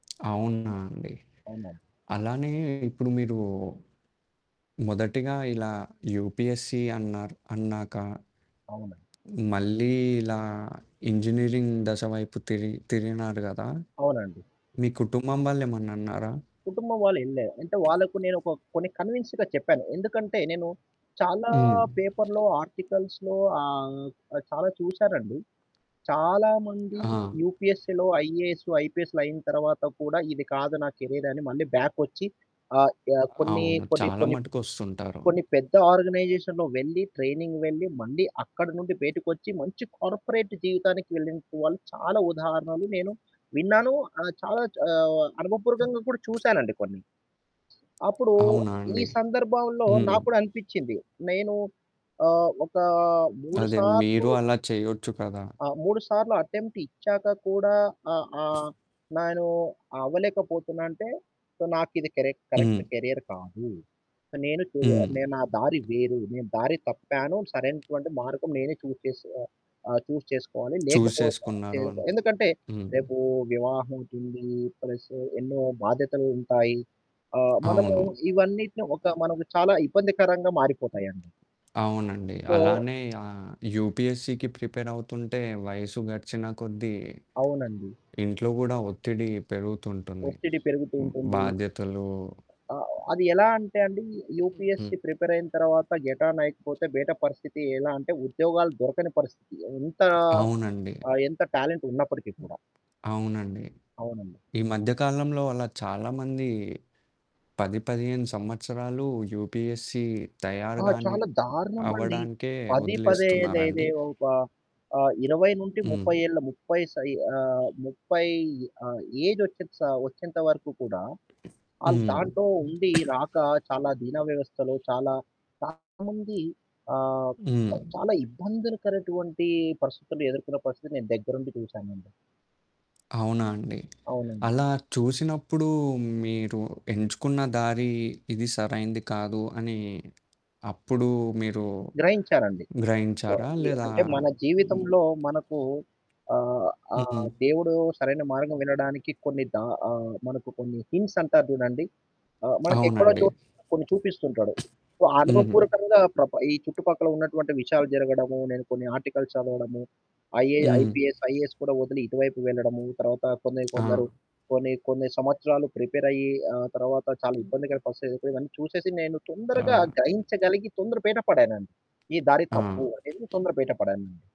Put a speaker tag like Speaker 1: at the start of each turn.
Speaker 1: అవునా అండి.
Speaker 2: అవునండి.
Speaker 1: అలానే ఇప్పుడు మీరు మొదటిగా ఇలా యూపీఎస్‌సి అన్నారు, అన్నాక.
Speaker 2: అవునండి.
Speaker 1: మళ్ళీ ఇలా ఇంజినీరింగ్ దశ వైపు తిరి తిరిగినారు గదా!
Speaker 2: అవునండి.
Speaker 1: మీ కుటుంబం వాళ్ళేమన్నన్నారా?
Speaker 2: కుటుంబం వాళ్ళు వినలే అంటే వాళ్ళకు నేనొక ఒక కొన్ని కన్విన్స్‌గా చెప్పాను, ఎందుకంటే నేను చాలా
Speaker 1: హ్మ్.
Speaker 2: పేపర్‌లో ఆర్టికల్స్‌లో ఆహ్, ఆ! చాలా చూసానండి. చాలామంది
Speaker 1: ఆ!
Speaker 2: యూపీఎస్‌సిలో, ఐఏఎస్, ఐపీఎస్లు అయిన తర్వాత కూడా ఇది కాదు నా కెరీయర్ అని మళ్ళీ బ్యాక్ వచ్చి, ఆహ్, యా కొన్ని
Speaker 1: అవును.
Speaker 2: కొన్ని
Speaker 1: చాలా
Speaker 2: కొన్ని ప్
Speaker 1: మటుకొస్తుంటారు.
Speaker 2: కొన్ని పెద్ద ఆర్గనైజేషన్‌లో వెళ్ళి, ట్రైనింగ్ వెళ్ళి, మళ్ళీ అక్కడి నుండి బయటకొచ్చి మంచి కార్పొరేట్ జీవితానికి వెళ్ళిన వాళ్ళు చాలా ఉదాహరణలు నేను విన్నాను. ఆహ్ చాలా చ్ ఆహ్,
Speaker 1: హ్మ్.
Speaker 2: అనుభపూరకంగా కూడా చూశానండి కొన్ని. అప్పుడు
Speaker 1: అవునా
Speaker 2: ఈ
Speaker 1: అండి!
Speaker 2: సందర్భంలో
Speaker 1: హ్మ్.
Speaker 2: నాకు కూడా అనిపిచ్చింది, నేనూ ఆహ్, ఒకా 3
Speaker 1: అదే
Speaker 2: సార్లు
Speaker 1: మీరు అలా చేయొచ్చు కదా!
Speaker 2: ఆ! 3 సార్లు అటెంప్ట్ ఇచ్చాక కూడా ఆహ్, ఆహ్, నేను అవ్వలేకపోతున్నాంటే, సో నాకిది కరెక్ కరెక్ట్
Speaker 1: హ్మ్.
Speaker 2: కెరియర్ కాదు. నేను చూ
Speaker 1: హ్మ్.
Speaker 2: నేను నా దారి వేరు నేను దారి తప్పాను సరైనటువంటి మార్గం నేనే చూజ్ చేస్ ఆహ్, ఆ! చూస్ చేసుకోవాలి.
Speaker 1: చూజ్
Speaker 2: లేకపోతే చే
Speaker 1: చేసుకున్నారు అంట
Speaker 2: ఎందుకంటే
Speaker 1: హ్మ్.
Speaker 2: రేపు వివాహం ఉంటుంది ప్లస్ ఎన్నో బాధ్యతలు ఉంటాయి. ఆహ్, మనము
Speaker 1: అవును.
Speaker 2: ఇవన్నటిని ఒక
Speaker 1: హ్మ్.
Speaker 2: మనకు చాలా ఇబ్బందికరంగా మారిపోతాయండి.
Speaker 1: అవునండి.
Speaker 2: సో
Speaker 1: అలానే ఆహ్, యూపీఎస్‌సికి ప్రిపేర్ అవుతుంటే వయసు గడిచిన కొద్దీ
Speaker 2: అవునండి.
Speaker 1: ఇంట్లో గూడా ఒత్తిడి పెరుగుతుంటుంది.
Speaker 2: ఒత్తిడి పెరుగుతూ ఉంటుంది.
Speaker 1: బాధ్యతలు
Speaker 2: ఆ! అది ఎలా అంటే అండి
Speaker 1: హ్మ్.
Speaker 2: యూపీఎస్‌సి ప్రిపేర్ అయిన తర్వాత గెటాన్ అయికపోతే బయట పరిస్థితి ఎలా అంటే ఉద్యోగాలు దొరకని పరిస్థితి ఎంత
Speaker 1: అవునండి.
Speaker 2: ఆ! ఎంత టాలెంట్ ఉన్నప్పటికిీ కూడా.
Speaker 1: అవునండి.
Speaker 2: అవునండి.
Speaker 1: ఈ మధ్య కాలంలో అలా చాలా మంది 10, 15 సంవత్సరాలు యూపీఎస్‌సి
Speaker 2: ఆ!
Speaker 1: తయారుగాని
Speaker 2: చాలా దారుణమండి.
Speaker 1: అవ్వడానికే
Speaker 2: 10
Speaker 1: వదిలేస్తున్నారండి.
Speaker 2: పదేయిదేదే ఒక ఆహ్, 20 నుంటి
Speaker 1: హ్మ్.
Speaker 2: 30 ఏళ్ల 30 సై ఆహ్, 30 ఆహ్, ఏజ్ వచ్చే‌త్ సా వచ్చేంత వరకు కూడా, ఆళ్ళ
Speaker 1: హ్మ్.
Speaker 2: దాంటో ఉండి రాక చాలా ధీనా వ్యవస్థలో చాలా, చాలా మంది. ఆహ్, ప్
Speaker 1: హ్మ్.
Speaker 2: చాలా ఇబ్బందులకరటువంటి పరిస్థితుల్లో ఎదుర్కొన్న పరిస్థితి నేను దగ్గరుండి చూసానండి.
Speaker 1: అవునా అండి.
Speaker 2: అవునండి.
Speaker 1: అలా చూసినప్పుడు మీరు ఎంచుకున్న దారి ఇది సరైంది కాదు అని అప్పుడు మీరు
Speaker 2: గ్రహించాలండి. సో,
Speaker 1: గ్రహించారా?
Speaker 2: ఈ
Speaker 1: లేదా
Speaker 2: అంటే మన
Speaker 1: హ్మ్.
Speaker 2: జీవితంలో మనకు ఆహ్, ఆహ్,
Speaker 1: హుహు.
Speaker 2: దేవుడు సరైన మార్గం వినడానికి కొన్ని దా ఆహ్, మనకు కొన్ని హింట్స్ అంటారు చూడండి, ఆ! మనకెక్కడో
Speaker 1: అవునండి.
Speaker 2: చోటు కొన్ని చూపిస్తుంటాడు. సో
Speaker 1: హ్మ్.
Speaker 2: అనుభపూరకంగా ప్రప ఈ చుట్టుపక్కల ఉన్నటువంటి విషయాలు జరగడము, నేను కొన్ని ఆర్టికల్స్ చదవడము. ఐఏ
Speaker 1: హ్మ్.
Speaker 2: ఐపీఎస్ ఐఏఎస్ కూడా వదిలి ఇటువైపు వెళ్ళడము, తర్వాత కొన్ని కొందరు
Speaker 1: ఆ!
Speaker 2: కొన్ని, కొన్ని సంవత్సరాలు ప్రిపేరయ్యి ఆహ్, తర్వాత చాలా ఇబ్బందికర పరిస్తితి ఎదుర్కొని ఇవన్నీ చూసేసి నేను తొందరగా
Speaker 1: చాలా
Speaker 2: గ్రహించగలిగి తొందర బయట పడానండి. ఈ దారి
Speaker 1: ఆ!
Speaker 2: తప్పు అనేది తొందర బయట పడానండి.